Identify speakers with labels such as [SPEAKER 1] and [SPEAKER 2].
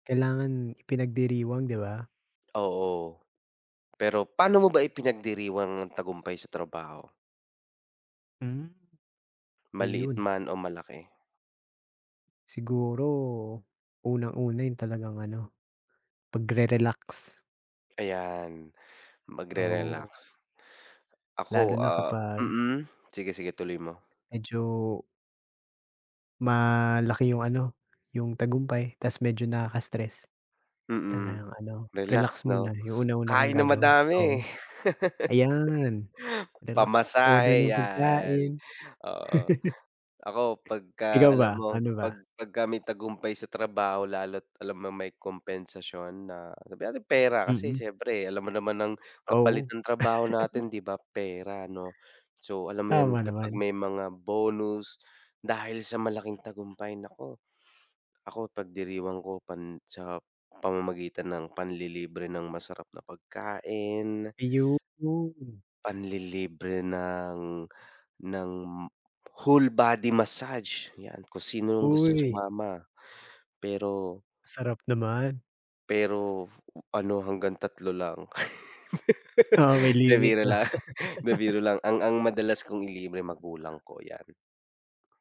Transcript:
[SPEAKER 1] Kailangan ipinagdiriwang, 'di ba?
[SPEAKER 2] Oo, pero paano mo ba ipinagdiriwang ang tagumpay sa trabaho?
[SPEAKER 1] Hmm?
[SPEAKER 2] Maliit
[SPEAKER 1] Iyon.
[SPEAKER 2] man o malaki.
[SPEAKER 1] Siguro, unang-una yung talagang ano, pagre-relax.
[SPEAKER 2] Ayan,
[SPEAKER 1] Oo.
[SPEAKER 2] magre-relax.
[SPEAKER 1] Lalo
[SPEAKER 2] Ako
[SPEAKER 1] na
[SPEAKER 2] ah
[SPEAKER 1] kapag
[SPEAKER 2] mm? Sige, sige, ituloy mo.
[SPEAKER 1] medyo malaki yung ano, yung tagumpay, tas medyo nakaka-stress,
[SPEAKER 2] Mm,
[SPEAKER 1] talagang ano,
[SPEAKER 2] relax
[SPEAKER 1] relax muna,
[SPEAKER 2] 'no?
[SPEAKER 1] yung unang-una kong
[SPEAKER 2] Kain ng
[SPEAKER 1] gagawin,
[SPEAKER 2] madami.
[SPEAKER 1] oo. Ayan, relax, order
[SPEAKER 2] Pa-masahe
[SPEAKER 1] ng
[SPEAKER 2] yan,
[SPEAKER 1] pagkain.
[SPEAKER 2] oo. Ako pagka,
[SPEAKER 1] Ikaw
[SPEAKER 2] alam
[SPEAKER 1] ba?
[SPEAKER 2] mo,
[SPEAKER 1] Ano
[SPEAKER 2] 'pag
[SPEAKER 1] ba?
[SPEAKER 2] pagka may tagumpay sa trabaho lalo't, alam mong may kompensasyon, na, sabihin nating pera, kasi
[SPEAKER 1] Mm.
[SPEAKER 2] siyempre alam mo naman ang, kapalit
[SPEAKER 1] Oo.
[SPEAKER 2] ng trabaho natin, 'di ba, pera 'no. So, alam mo yun,
[SPEAKER 1] Tama
[SPEAKER 2] kapag
[SPEAKER 1] naman.
[SPEAKER 2] may mga bonus, dahil sa malaking tagumpay, naku, ako ipagdiriwang ko pan sa pamamagitan ng panlilibre ng masarap na pagkain
[SPEAKER 1] Iyon.
[SPEAKER 2] panlilibre ng, ng whole-body massage, yan, kung sinong gustong
[SPEAKER 1] Uy.
[SPEAKER 2] sumama pero
[SPEAKER 1] Sarap naman.
[SPEAKER 2] pero ano, hanggang 3 lang.
[SPEAKER 1] Oo, may
[SPEAKER 2] 'Di
[SPEAKER 1] limit
[SPEAKER 2] biro
[SPEAKER 1] 'no.
[SPEAKER 2] lang. 'Di biro lang. Ang ang madalas kong ilibre, magulang ko, yan.